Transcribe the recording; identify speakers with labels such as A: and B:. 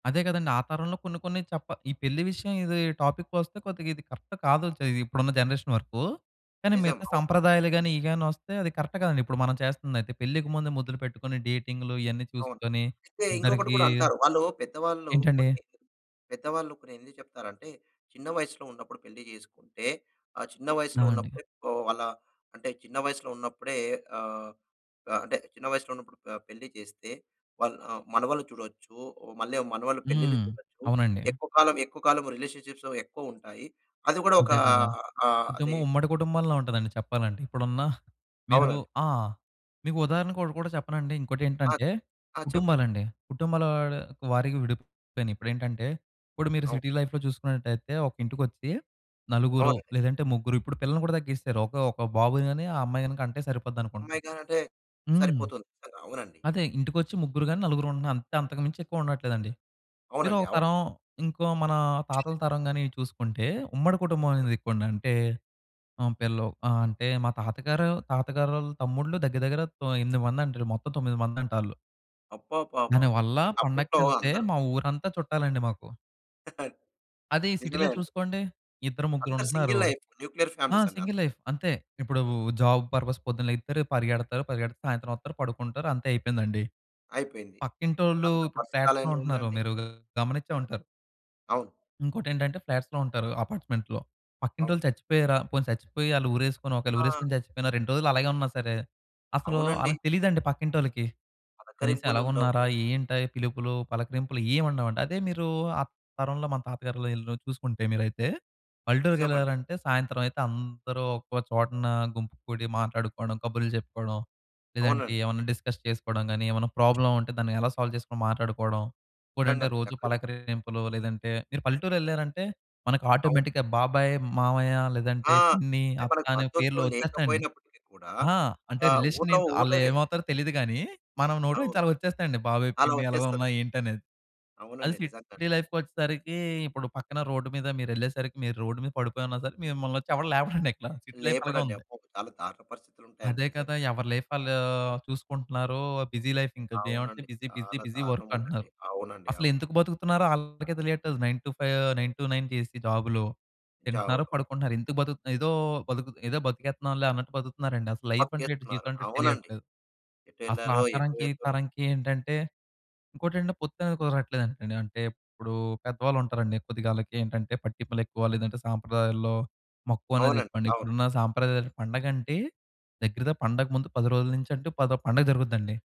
A: అదే గదండీ! ఆ తరంలో కొన్ని కొన్ని చప్ప ఈ పెళ్లి విషయం ఇది టాపిక్కొస్తే కొద్దిగా ఇది కరెక్ట్ కాదు‌ చే ఇప్పుడున్న జనరేషన్ వరకు. కానీ
B: నిజం.
A: మిగతా
B: అవును.
A: సంప్రదాయాలు గాని, ఇవి గాని ఒస్తే అది కరెక్ట్ గాదండి. ఇప్పుడు మనం చేస్తుందయితే పెళ్ళికి ముందే ముద్దలు పెట్టుకొని, డేటింగ్లు ఇయన్నీ
B: అవును.
A: చూసుకొని
B: అయితే ఇంకొకటి
A: ఇద్దరికి
B: కూడా అంటారు. వాళ్ళు పెద్దవాళ్ళు
A: ఏంటండి?
B: కొన్ని, పెద్దవాళ్ళు కొన్ని ఎందుకు చెప్తారంటే, చిన్న వయసులో ఉన్నప్పుడు పెళ్లి జేసుకుంటే ఆ చిన్న
A: ఆ!
B: వయస్సులో
A: అండి.
B: ఉన్నప్పుడే వాళ్ళ అంటే చిన్న వయసులో ఉన్నప్పుడే ఆహ్, ఆహ్, అంటే చిన్న వయసులో ఉన్నప్పుడు ప పెళ్లి చేస్తే, వాల్ ఆహ్, మనవళ్లు చూడొచ్చు. మళ్ళీ మనవళ్ళు పెళ్లిళ్లు
A: హ్మ్.
B: చూడొచ్చు.
A: అవునండి.
B: ఎక్కువ కాలం ఎక్కువ కాలం రిలేషన్షిప్స్ ఎక్కువుంటాయి. అది గూడా ఒకా
A: అంతే కదా!
B: ఆహ్, అది
A: కుటుంబం ఉమ్మడి కుటుంబంలా ఉంటాదండి చెప్పాలంటే. ఇప్పుడున్న మీరు
B: అవునండి.
A: ఆ! మీకు ఉదాహరణకు ఒకటి కూడా చెప్పనండి.
B: ఆ!
A: ఇంకోటెంటంటే
B: ఆ! చెప్పండి.
A: కుటుంబాలండి. కుటుంబాల వాడి వారీగా విడిపోయినాయి. ఇప్పుడేంటంటే ఇప్పుడు మీరు
B: అవును.
A: సిటీ లైఫ్‌లో చూసుకున్నట్టయితే ఒక ఇంటికొచ్చి నలుగురు
B: అవునండి.
A: లేదంటే ముగ్గురు ఇప్పుడు పిల్లల్ని కూడా తగ్గిసరు. ఒక ఒక బాబుని గాని ఆ అమ్మాయి‌న్ని కంటే సరిపోద్ది అనుకుంటాం.
B: అమ్మాయిగా అంటే
A: హ్మ్.
B: సరిపోతుంది స్ కదా! అవునండి.
A: అదే ఇంటికొచ్చి ముగ్గురు గాని నలుగురు ఉంటున్నాం. అంతే అంతకు మించి ఎక్కువ ఉండట్లేదండి. మీరు
B: అవునండి.
A: ఒక
B: అవును.
A: తరం ఇంకో మన తాతల తరం గాని ఇవి చూసుకుంటే, ఉమ్మడి కుటుంబం
B: అవునా!
A: అనేది ఎక్కువండి. అంటే హ్మ్. పిల్లలు ఆహ్, అంటే మా తాతగారు, తాతగారోళ్ళ తమ్ముళ్ళు దగ్గర దగ్గర తో ఎనిమిది మంది అంటారు. మొత్తం తొమ్మిది మందంటాల్లు...
B: అబ్బబ్బబ్బబ్బ!
A: దానివల్ల
B: నిజంగా అప్పట్లో
A: పండగకేళ్తే
B: అందరూ
A: మా ఊరంతా చుట్టాలండి మాకు. అదే ఈ
B: నిజమే
A: సిటీ‌లో
B: అండి.
A: చూసుకోండి. ఇద్దరు, ముగ్గురు
B: అంతా
A: ఉంటున్నారు.
B: Single life. న్యూక్లియర్
A: ఆ!
B: ఫ్యామిలీసండి అంత.
A: సింగిల్ లైఫ్ అంతే. ఇప్పుడు జాబ్ పర్పస్ పొద్దున్నే లెగిత్తారు పరిగెడతారు పరిగెడితే సాయంత్రం ఒత్తారు పడుకుంటారు అంతే అయిపేందండి.
B: అయిపోయింది.
A: పక్కింటోళ్ళు
B: అందరి
A: ఇప్పుడు
B: పరిస్థితి
A: ఫ్లాట్స్‌లో
B: అలానే
A: ఉంటున్నారు.
B: ఉందండి.
A: మీరు గమనించే ఉంటారు.
B: అవును.
A: ఇంకోటేంటంటే ఫ్లాట్స్‌లో ఉంటారు అపార్ట్మెంట్స్‌లో.
B: అవును.
A: పక్కింటోళ్ళు చచ్చిపోయారా, పోనీ సచ్చిపోయి అళ్ళు ఊరేసుకొని ఒకవేళ
B: ఆ!
A: ఉరేసుకొని చచ్చిపోయిన 2 రోజులు అలాగే ఉన్నా సరే, అసలు
B: అవునండి.
A: అళ్ళకి తెలీదండి. పక్కింటోళ్ళకి. కనీసం
B: పలకరింపులుండవు.
A: ఎలాగున్నారా ఏంట పిలుపులు పలకరింపులు ఏం ఉండవండి. అదే మీరు ఆ తరంలో మన తాతగారు‌లు ఈలు చూసుకుంటే మీరైతే
B: నిజమండి.
A: పల్లెటూరికేళ్లారంటే, సాయంత్రం అయితే అందరూ ఒక చోటున గుంపు కుడి మాట్లాడుకోవడం, కబుర్లు జెప్పుకోవడం, లేదంటే
B: అవునండి.
A: ఏమన్నా డిస్కస్ చేసుకోవడం గాని, ఏమన్నా ప్రాబ్లమ్ ఉంటే దాన్ని ఎలా సాల్వ్ జేసుకొని మాట్లాడుకోవడం. ఇంకటేంటంటే
B: నిజంగాండి.
A: రోజు
B: చక్కగ
A: పలకరింపులు లేదంటే మీరు పల్లెటూరేళ్లారంటే మనకు
B: అవును.
A: ఆటోమేటిక్‌గా బాబాయ్, మామయ్య
B: ఆ!
A: లేదంటే పిన్ని,
B: అంటే
A: అత్త
B: మనకు
A: అనే పేర్లు
B: బంధుత్వం
A: ఒచ్చేస్తాయండి.
B: లేకపోయినప్పటికీ కూడా
A: ఆ! అంటే
B: ఆహ్,
A: రిలేషన్
B: ఊరులో
A: ఏంటి
B: ఊరులోవే
A: అలేమవుతారో తెలీదు గాని, మనం నోట్లో నుంచి
B: అవును.
A: అలా ఒచ్చేస్తాయండి. బాబయ్,
B: అలా
A: పిన్ని
B: ఒచ్చేస్తది.
A: ఎలాగున్నావు ఏంటనేది. అది
B: అవునండి.
A: సిటీ
B: నిజంగాండి.
A: లైఫ్‌కొచ్చేసరికి, ఇప్పుడు పక్కన రోడ్ మీద మీరేళ్ళేసరికి, మీరు రోడ్ మీద పడిపోయున్న సరే మిమ్మల్నోచ్చి ఎవరు లేపడండి ఇక్కడ సిటీ లైఫ్ అలాగే
B: లేపడండి.
A: ఉంది.
B: అబ్బో! చాలా దారుణ పరిస్థితులుంటాయండి
A: అదే
B: నిజంగా.
A: కదా! ఎవరి లైఫ్ ఆళ్ళు చూసుకుంటున్నారో, బిజీ లైఫ్ ఇంకా ఏమంటే
B: అవునండి.
A: బిజీ బిజీ
B: చాలా
A: బిజీ
B: దారుణం
A: వర్క్
B: ఉందండి.
A: అంటున్నారు.
B: అవునండి. అవును.
A: అసలేందుకు బతుకుతున్నారో అళ్ళకే తెలియట్లేదు. 9-5, 9-9 చేసి జాబులు తింటున్నారు,
B: [unintelligible]
A: పడుకుంటున్నారు. ఎందుకు బతుకుతున్నా ఏదో బతుకు ఏదో బతికేత్తున్నాంలే అన్నట్టు బతుకుతున్నారండి. అసలు లైఫంటే ఎటో
B: బతికేస్తునారు.
A: జీవితం అంటే ఎటో
B: అవునండి.
A: తెలియట్లేదు.
B: ఎటు
A: అసల ఆ
B: ఎళ్లారో ఎటు
A: తరంకి ఈ
B: వెళ్తున్నాం
A: తరంకి ఏంటంటే ఇంకోటేంటంటే పొత్తనేది కుదరట్లేదండి అంటే, ఇప్పుడు పెద్దవాళ్ళు ఉంటారండి. కొద్దిగాలకేటంటే పట్టింపులేక్కువ లేదంటే సాంప్రదాయాల్లో మక్కువ అనేది
B: అవునండి.
A: ఎక్కువండి.
B: అవును.
A: ఇప్పుడున్న సాంప్రదాయాల పండగంటే దగ్గర ద పండగ ముందు 10 రోజుల నుంచి అంటే పదో పండగ జరుగుద్దండి.